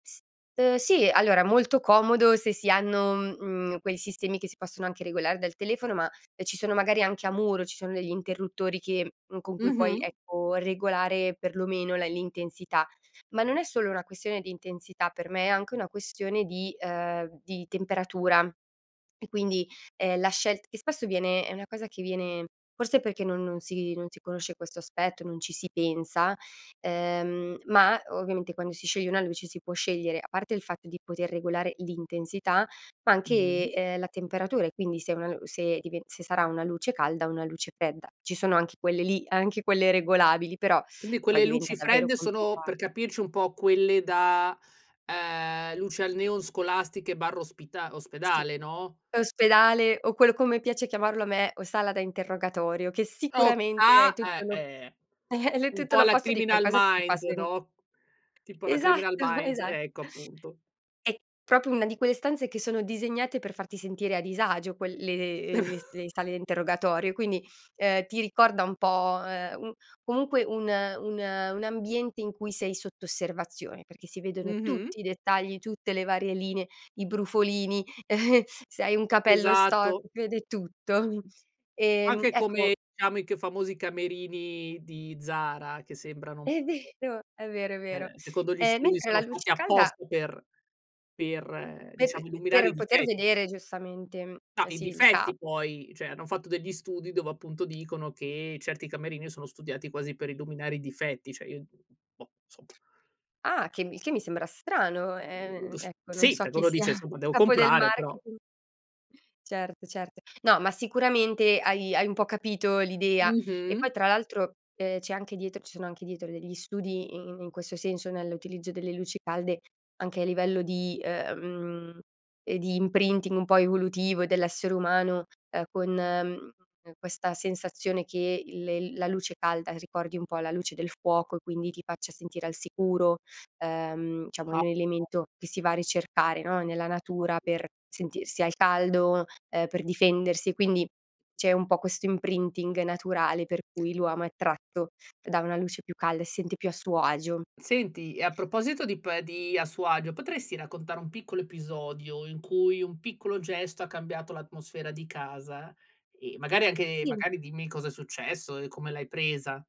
S uhm, sì, allora molto comodo se si hanno, uhm, mhmm, quei sistemi che si possono anche regolare dal telefono, ma, ehm, ci sono magari anche a muro, ci sono degli interruttori che con cui puoi, Mh-mh. ecco, regolare perlomeno la l'intensità. Ma non è solo una questione di intensità, per me è anche una questione di, ehm, di temperatura. E quindi, ehm, la scelt che spesso viene è una cosa che viene forse perché non non si non si conosce questo aspetto, non ci si pensa, ehm, ma ovviamente quando si scioglie una luce, si può scegliere, a parte il fatto di poter regolare l'intensità, ma anche, Mh. ehm, la temperatura e quindi se una se dive se sarà una luce calda o una luce fredda. Ci sono anche quelle lì, anche quelle regolabili, però Quindi poi quelle diventa luci davvero fredde sono complica per capirci un po', quelle da, ehm, luce al neon scolastiche/ospita Sì. ospedale, no? Ospedale, o quello come piace chiamarlo a me, o sala da interrogatorio, che Ok sicuramente è ah! tutto Eh, lo eh! l è Un tutto po' alla l'opposto di Criminal qualcosa che ti fa Minds, sen no, [unintelligible] tipo la Criminal Esatto, Minds esa ecco, appunto. È proprio una di quelle stanze che sono disegnate per farti sentire a disagio quel le uhm, le le s le sale a interrogatorio, e quindi, uhm, ti ricorda un po', ehm, un comunque un un un ambiente in cui sei sotto osservazione, perché si vedono Mh-mh. tutti i dettagli, tutte le varie linee, i brufolini, se hai un capello Esatto. storto, si vede tutto. Ehm, Anche come, ecco diciamo, ic che famosi camerini di Zara, che sembrano È vero, è vero, è [unintelligible] vero. eh, secondo gli Ehm, studi mentre la sono fatti luce calda apposta per per, Per diciamo, illuminare i per poter dife vedere giustamente, uhm, No, i sì, il ca difetti poi cioè, hanno fatto degli studi dove, appunto, dicono che certi camerini sono studiati quasi per illuminare i difetti, cioè, io d [unintelligible] boh, insomma. Ah! Che il che mi sembra strano, ehm, [unintelligible] ecco, non Sì, so perché chi uno sia dice: "Insomma, devo capo del comprare, però" marketing. Certo, certo. No, ma sicuramente hai hai un po' capito l'idea. E Mh-mh. poi tra l'altro, ehm, c'è anche dietro ci sono anche dietro degli studi i i in questo senso, nell'utilizzo delle luci calde anche a livello di, mhmm, e di imprinting un po' evolutivo dell'essere umano, ehm, con ehm, questa sensazione che il il la luce calda ricordi un po' la luce del fuoco e quindi ti faccia sentire al sicuro. Ehm, diciamo, è A un [unintelligible] elemento che si va a ricercare, no, nella natura [unintelligible] per sentirsi al caldo, ehm, per difendersi. Quindi, c'è un po' questo imprinting naturale per cui l'uomo è attratto da una luce più calda e si sente più a suo agio. Senti, e a proposito di pe di a suo agio, potresti raccontare un piccolo episodio, in cui un piccolo gesto ha cambiato l'atmosfera di casa? Ehm, magari anche Sì. magari, dimmi cosa è successo e come l'hai presa.